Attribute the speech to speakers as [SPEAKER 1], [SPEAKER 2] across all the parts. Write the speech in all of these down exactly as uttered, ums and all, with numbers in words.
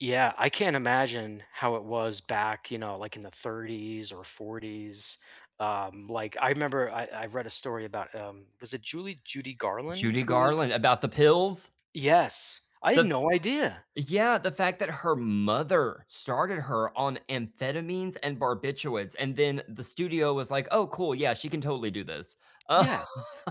[SPEAKER 1] Yeah, I can't imagine how it was back, you know, like, in the thirties or forties, um, like, I remember I I read a story about um, was it Julie Judy Garland
[SPEAKER 2] Judy
[SPEAKER 1] who
[SPEAKER 2] Garland,
[SPEAKER 1] was
[SPEAKER 2] about the pills?
[SPEAKER 1] Yes, I'd
[SPEAKER 2] The
[SPEAKER 1] no idea.
[SPEAKER 2] yeah, the fact that her mother started her on amphetamines and barbiturates, and then the studio was like, "Oh, cool, yeah, she can totally do this." Um
[SPEAKER 1] Yeah,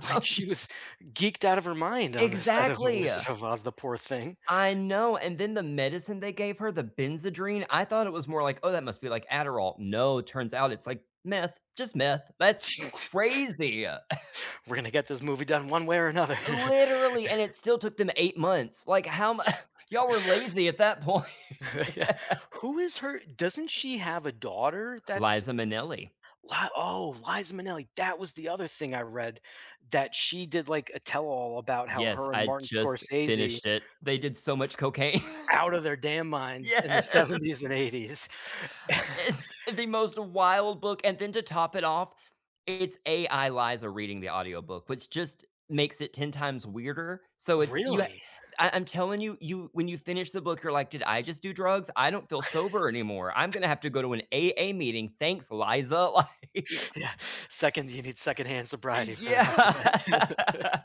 [SPEAKER 1] like, she was geeked out of her mind on the set of The
[SPEAKER 2] Exactly,
[SPEAKER 1] Wizard
[SPEAKER 2] uh!
[SPEAKER 1] of Oz, the poor thing.
[SPEAKER 2] I know, and then the medicine they gave her, the Benzedrine, I thought it was more like, "Oh, that must be like Adderall," no, turns out it's like meth, just meth that's crazy!
[SPEAKER 1] "We're gonna get this movie done one way or another."
[SPEAKER 2] Eh, literally, and it still took them eight months, like, how m "Y'all were lazy at that point."
[SPEAKER 1] Yeah, who is her doesn't she have a daughter that's
[SPEAKER 2] Liza Minnelli.
[SPEAKER 1] wha oh, Liza Minnelli, that was the other thing I read, that she did, like, a tell-all about how
[SPEAKER 2] Yes,
[SPEAKER 1] her and
[SPEAKER 2] I
[SPEAKER 1] Martin
[SPEAKER 2] just
[SPEAKER 1] Scorsese
[SPEAKER 2] finished it. They did so much cocaine.
[SPEAKER 1] out of their damn minds in the
[SPEAKER 2] Yes.
[SPEAKER 1] seventies and eighties
[SPEAKER 2] It's the most wild book and then to top it off, it's AI Liza reading the audiobook, which just makes it ten times weirder, so it's you ha
[SPEAKER 1] Really?
[SPEAKER 2] I I'm telling you you when you finish the book, you're like, "Did I just do drugs? I don't feel sober anymore, I'm gonna have to go to an AA meeting, thanks, Liza," like
[SPEAKER 1] Yeah, second you need second-hand
[SPEAKER 2] E
[SPEAKER 1] sobriety for that for after that.
[SPEAKER 2] yeah.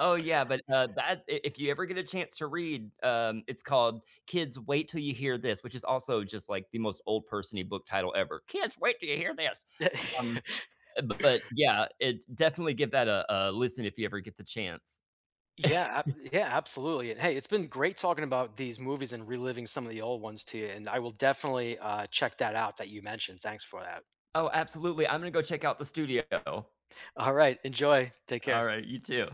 [SPEAKER 2] Oh yeah, but, uh, that i if you ever get a chance to read, um, it's called, Kids, Wait Till You Hear This!, which is also just, like, the most old person-y book title ever "Kids, wait 'till you hear this," um uh, but, yeah it definitely give that a a listen if you ever get the chance.
[SPEAKER 1] Yeah, ab yeah absolutely and hey, it's been great talking about these movies and reliving some of the old ones to ya, and I will definitely, uh, check that out that you mentioned, thanks for that.
[SPEAKER 2] Oh, absolutely, I'm gonna go check out The Studio.
[SPEAKER 1] All right, enjoy. Take care.
[SPEAKER 2] Alright, you too.